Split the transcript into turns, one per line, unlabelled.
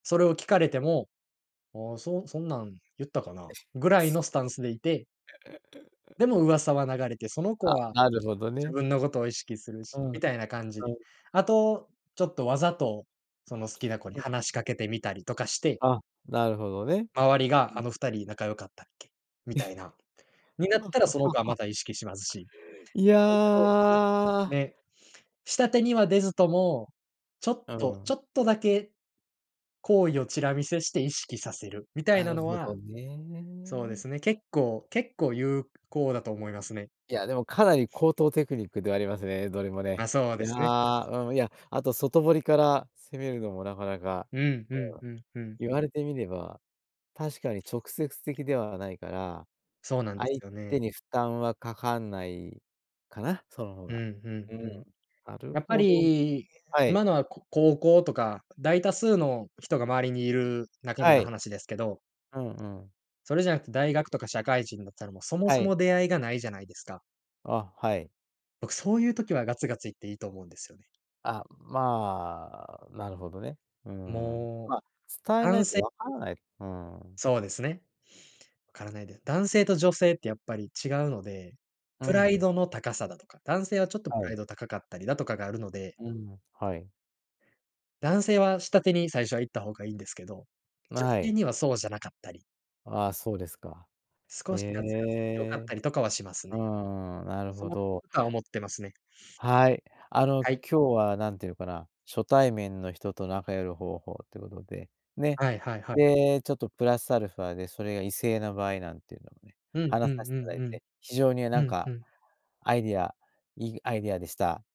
それを聞かれても「ああ、そそんなん言ったかな」ぐらいのスタンスでいてでも 噂は流れて、その子
あ、
は
なるほど
自
ね。
分のことを意識する
う
し、
ん、
みたいな感じで、
うん。
あと、ちょっとわざと、その好きな子に
うん。
話しかけてみたりとかして
あ、なるほどね。
周りが
う
「あ
ん
のふた
と
り仲良かったっけ」みたいな、になったら、その子はま た意識しますし。
い
そんなふうに、
や
ね、下手には出ずとも、ちょっ
うー
とち
ん。
ょっとだけ行為をチラ見せして意識させるみたい
な
な
る
の
ほど
はそうで
ね。
すね、結構結構有効だと思いますね。
いや、でもかなり高等テクニックではありますね、どれもね。
あ、そう
い
で
や、
すね。
うん、いや、あと外堀から攻めるのもなかなか、
うんうん
うん、
うんうん。
言われてみれば、確かに直接的ではないから、
そうなんで
相
すよね。
手に負担はかかんないかな、その方
うん
が。
う
う
んう
ん、
ん。
なる
やっぱ
ほど。
り、
はい。
今のはこ高校とか、大多数の人が周りにいる中で
は
の
い。
話ですけど
うんうん。
それじゃなくて、大学とか社会人だったら、もうそも
は
そ
い。
も出会いがないじゃないですか。
あ、はい。
僕そういう時はガツガツいっていいと思うんですよね。
あ、まあ、なるほどね。うーん、
も
ま、伝
う、
えな
男
いと
性
わかんない、うーん。
そうですね。分からないで男性と女性ってやっぱり違うので、
う
プライ
ん。
ドの高さだとか、男性はちょっとプ
は
ラ
い。
イド高かったりだとかがあるので
うん、はい。
男性は下手に最初は行った方がいいんですけど、
ま、
女
はい。
性にはそうじゃなかったり
ああ、そうですか。へ
少しガツガツいって良かっ
え。
たりとかはします
う
ね。
ーん、なる
そ
ほど。
たは思ってますね。
はい、あの
はい。
今日はなんていうのかな、初対面の人と仲良くなる方法ということで、ね。
はいはいはい。
で、ちょっとプラスアルファでそれが異性の場合なんていうのをね、
うんう
話さ
ん
せてい
う
ただ
ん
い
うん、
て、非常にな
う
ん
ん
か、
うん。
アイディアいいアイディアでした。